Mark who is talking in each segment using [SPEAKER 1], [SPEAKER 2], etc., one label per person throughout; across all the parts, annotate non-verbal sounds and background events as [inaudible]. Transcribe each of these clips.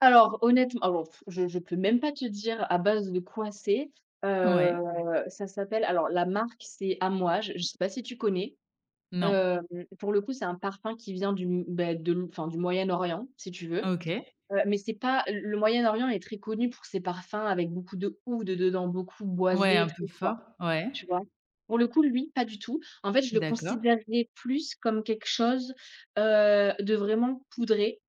[SPEAKER 1] Alors honnêtem alors pff, je je peux même pas te dire à base de quoi c'est. Heu,
[SPEAKER 2] Ouais.
[SPEAKER 1] ça s'appelle alors la marque c'est Amouage, je sais pas si tu connais?
[SPEAKER 2] Non.
[SPEAKER 1] Hem, pour le coup c'est un parfum qui vient du m beh, de m enfin du Moyen-Orient, si tu veux,
[SPEAKER 2] OK.
[SPEAKER 1] heu, mais c'est pas le le Moyen-Orient est très connu pour ses parfums avec beaucoup d'oud dedans, beaucoup
[SPEAKER 2] Ouais
[SPEAKER 1] boisés et
[SPEAKER 2] un peu
[SPEAKER 1] très
[SPEAKER 2] fort,
[SPEAKER 1] forts,
[SPEAKER 2] ouais.
[SPEAKER 1] tu vois? Pour le coup, lui pas du tout, en fait je le
[SPEAKER 2] D'accord.
[SPEAKER 1] considérerais plus comme quelque chose, heu, de vraiment poudré,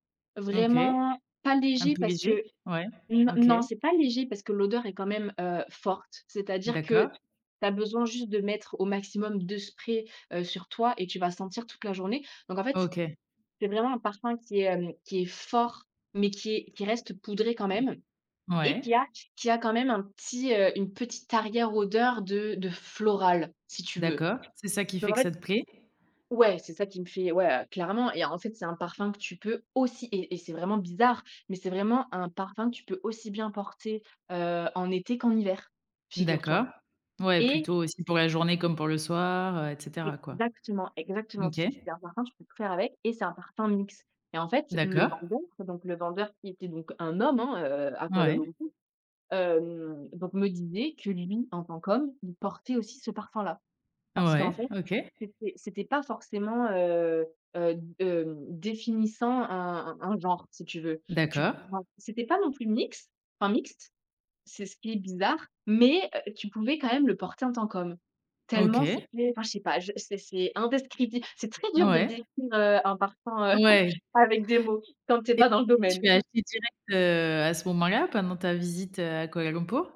[SPEAKER 2] OK,
[SPEAKER 1] vraiment pas
[SPEAKER 2] un
[SPEAKER 1] léger
[SPEAKER 2] peu
[SPEAKER 1] parce
[SPEAKER 2] léger?
[SPEAKER 1] que
[SPEAKER 2] Ouais,
[SPEAKER 1] n
[SPEAKER 2] OK.
[SPEAKER 1] non, c'est pas léger parce que l'odeur est quand même, heu, forte. C'est-à-dire que tu
[SPEAKER 2] D'accord.
[SPEAKER 1] as besoin juste de mettre au maximum 2 sprays, heu, sur toi et tu vas sentir toute la journée. Donc en fait,
[SPEAKER 2] OK.
[SPEAKER 1] c'est vraiment un parfum qui est, hem, qui est fort mais qui est qui reste poudré quand
[SPEAKER 2] Mmh.
[SPEAKER 1] même et qui
[SPEAKER 2] Ouais.
[SPEAKER 1] a q qui a quand même un petit, heu, une petite arrière odeur de de floral, si tu veux.
[SPEAKER 2] D'accord, c'est ça qui
[SPEAKER 1] Donc
[SPEAKER 2] fait
[SPEAKER 1] en
[SPEAKER 2] que ça
[SPEAKER 1] fait
[SPEAKER 2] te plaît?
[SPEAKER 1] ouais c'est ça qui me fait ouais voilà, clairement et en fait c'est un parfum que tu peux aussi et et c'est vraiment bizarre, mais c'est vraiment un parfum que tu peux aussi bien porter, heu, en été qu'en hiver
[SPEAKER 2] D'accord.
[SPEAKER 1] figure-toi
[SPEAKER 2] Ouais,
[SPEAKER 1] et
[SPEAKER 2] plutôt aussi pour la journée comme pour le soir, heu et cetera quoi?
[SPEAKER 1] Exactement,
[SPEAKER 2] D
[SPEAKER 1] exactement, q
[SPEAKER 2] OK.
[SPEAKER 1] c'est un parfum, tu peux tout faire avec et c'est un parfum mixte et en fait le
[SPEAKER 2] D'accord.
[SPEAKER 1] vendeur donc le vendeur qui était donc un homme, heu, à Kuala
[SPEAKER 2] Ouais.
[SPEAKER 1] Lumpur, hem, donc me disait que lui, en tant qu'homme, il portait aussi ce parfum-là. Parce qu'en
[SPEAKER 2] Ouais,
[SPEAKER 1] fait,
[SPEAKER 2] OK.
[SPEAKER 1] c'était c'était pas forcément, heu, heu, heu, définissant un un un genre, si tu veux, tu
[SPEAKER 2] D'accord.
[SPEAKER 1] trouveras c'était pas non plus mixe, enfin mixte, c'est ce qui est bizarre, mais tu pouvais quand même le porter en tant qu'homme. Tellement
[SPEAKER 2] OK.
[SPEAKER 1] c'était enfin, je sais pas, c'est c'est indescriptible, c'est très dur de
[SPEAKER 2] Ouais.
[SPEAKER 1] décrire, heu, un parfum [chuckles]
[SPEAKER 2] Ouais.
[SPEAKER 1] avec des mots, quand tu es
[SPEAKER 2] Et
[SPEAKER 1] pas dans le
[SPEAKER 2] tu
[SPEAKER 1] domaine.
[SPEAKER 2] l'as acheté direct, heu, à ce moment-là pendant ta visite, heu, à Kuala Lumpur?